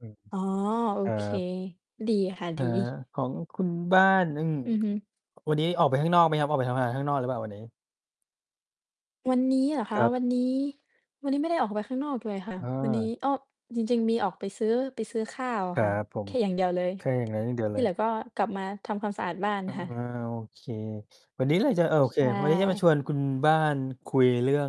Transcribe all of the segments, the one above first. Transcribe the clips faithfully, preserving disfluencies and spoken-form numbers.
อือฮึ อ๋อ โอครัเค บ ดีค่ะ อดา ี ของคุณบ้าน อืม อือฮึ วันนี้ออกไปข้างนอกไหมครับ ออกไปทำงานข้างนอกหรือเปล่าวันนี้? วันนี้เหรอคคะ รับ วันนี้ วันนี้ไม่ได้ออกไปข้างนอกเลยค่ะ วันนี้ เออ อ้อ จริง ๆ มีออกไปซื้อ ไปซื้อข้าวอคะรคั่ะ บผแคม ่อย่างเดียวเลย แค่อย่างนั้นอย่างเดียวทเีล่เหลย ือก็กลับมาทำความสะอาดบ้านอา ค่ะ โอเค วันนี้เราจะ โอใเชค วันนี้จะมา่ ชวนคุณบ้านคุยเรื่อง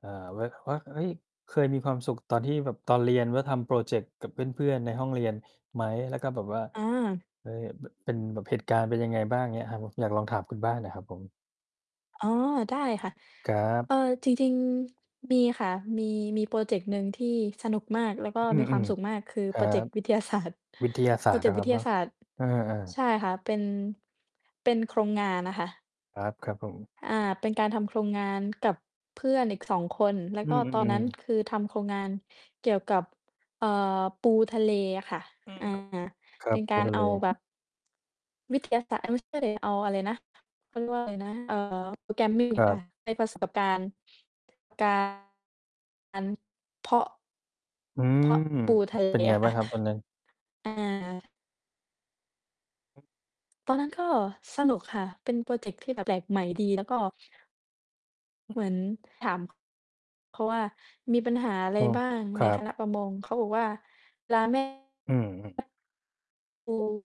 เอ่อ ว ว่า เฮ้ย เคยมีความสุข ตอนที่แบบตอนเรียนว่าทำพรอเจกต์กับเพื่อน ๆ ในห้องเรียนไหม? แล้วก็ แบบว่า อา เออ แบบเป็นเหตุการณ์เป็นยังไงบ้างอย่างเงี้ยครับผม อยากลองถามคุณบ้านอะครับผม? อ๋อ ได้ ค่ะ ครัเบ อ่อ จริง ๆ มีค่ะ มี มีพรอเจกต์หนึ่งที่สนุกมาก แล้วก็อืมีความอ สุขมาก คือๆ ครพัรอเจกบ ต์วิทยา ศาสตร์ วิทยาศพราอสตเรจเนกาตะ์วคิรับทเยนาาะ ศาสตร์ เออ ใชๆ ่ค่ะ เป็น เป็นโครงงานอะค่ะ ครับ ครับผม อ่า เป็นการทำโครงงานกับเพื่อนอีก สอง คน แล้วอืก็ตอนนอ ั้นๆ ๆ คือทำโครงงานเกี่ยวกับ เอ่อ ปูทะเลอะค่ะ อือม า ครับ ครัเป็บ นปกาูรทะเอเล าแบบ วิทยาศาสตร์ เอ๊ย ไม่ใช่สิ เอาอะไรนะ พูดว่าอะไรนะ เอ่อ Programming ครัค่บ ะ ให้ประสบการณ์การเพาะ อืเพม าะ ปูทะเลเป็นไงอะคบ้่าะ งครับตอนนั้น? อา ตอนนั้นก็สนุกค่ะ เป็นพรอเจกต์ที่แบบแปลกใหม่ดี แล้วก็ เหมือนถาม เพราะว่ามีปัญหาอะไรโอ้ บ้างคในรัคบ ณะประมง? เขาบอกว่า ปลา แม่ อืม ปู